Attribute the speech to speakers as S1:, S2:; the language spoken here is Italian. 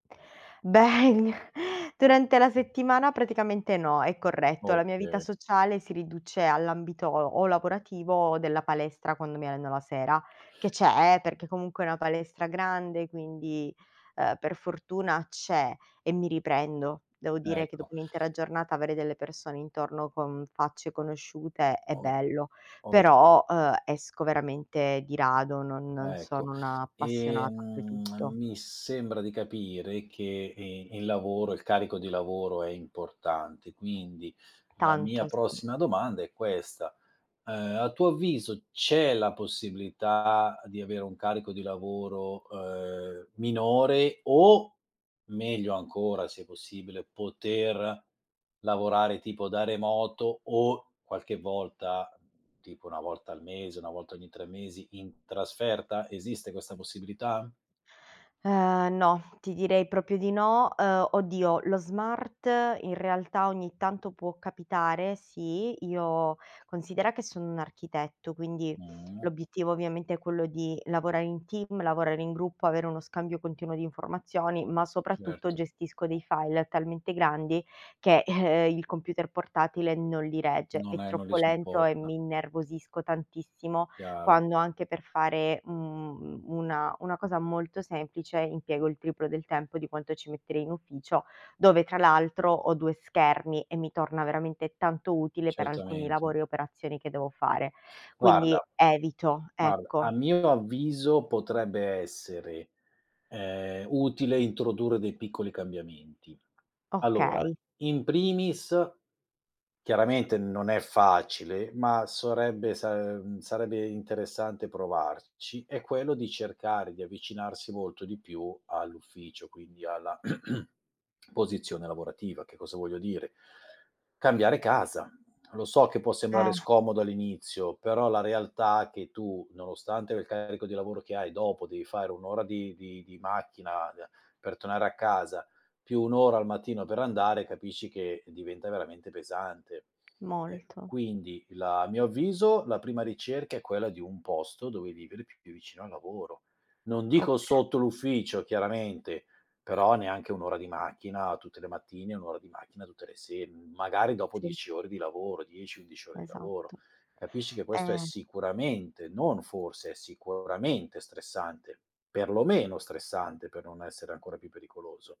S1: Beh, durante la settimana praticamente no, è corretto. La mia vita
S2: Oka
S1: sociale si riduce all'ambito o lavorativo o della palestra quando mi alleno la sera, che c'è, eh, perché comunque è una palestra grande quindi, uhm, per fortuna c'è e mi riprendo. Devo dire che
S2: Ecco.
S1: dopo un'intera giornata avere delle persone intorno con facce conosciute è
S2: O
S1: bello;
S2: oka
S1: però, uhm, esco veramente di rado, non non
S2: Ecco.
S1: sono un'appassionata
S2: Ehm,
S1: oltretutto.
S2: mi sembra di capire che e il lavoro, il carico di lavoro è importante quindi la mia
S1: Tanto sì.
S2: prossima domanda è questa: ehm, a tuo avviso c'è la possibilità di avere un carico di lavoro, ehm, minore, o meglio ancora se possibile poter lavorare tipo da remoto, o qualche volta, tipo 1 volta al mese, 1 volta ogni 3 mesi in trasferta? Esiste questa possibilità?
S1: Ehm, no, ti direi proprio di no. Uhm, oddio, lo smart in realtà ogni tanto può capitare, sì, io considera che sono un architetto, quindi
S2: Mh.
S1: l'obiettivo ovviamente è quello di lavorare in team, lavorare in gruppo, avere uno scambio continuo di informazioni, ma soprattutto
S2: Certo.
S1: gestisco dei file talmente grandi che, eh, il computer portatile non li regge. È
S2: Non è non li
S1: troppo lento e
S2: supporta.
S1: mi innervosisco tantissimo
S2: Chiaro.
S1: quando anche per fare, mhmm, u una una cosa molto semplice impiego il triplo del tempo di quanto ci metterei in ufficio, dove tra l'altro ho 2 schermi e mi torna veramente tanto utile per alcuni
S2: Certamente.
S1: lavori e operazioni che devo fare. Quindi
S2: Guarda
S1: evito,
S2: guarda,
S1: ecco.
S2: a mio avviso potrebbe essere, ehm, utile introdurre dei piccoli cambiamenti. Allora,
S1: Okay.
S2: in primis, chiaramente non è facile, ma sarebbe sa ehm, sarebbe interessante provarci, è quello di cercare di avvicinarsi molto di più all'ufficio, quindi alla posizione lavorativa. Che cosa voglio dire: cambiare casa. Lo so che può
S1: Eh.
S2: sembrare scomodo all'inizio, però la realtà che tu nonostante il carico di lavoro che hai dopo devi fare 1 ora di di di macchina d per tornare a casa, più 1 ora al mattino per andare, capisci che diventa veramente pesante. Eh,
S1: Molto.
S2: quindi la a mio avviso la prima ricerca è quella di un posto dove vivere più più vicino al lavoro. Non dico
S1: Oka
S2: sotto l'ufficio chiaramente, però neanche 1 ora di macchina tutte le mattine, 1 ora di macchina tutte le se mhmm, magari dopo
S1: Sì.
S2: 10 ore di lavoro, 10, 11 ore di lavoro.
S1: Esatto.
S2: Capisci che questo è
S1: È
S2: sicuramente, non forse, è sicuramente stressante; perlomeno stressante per non essere ancora più pericoloso.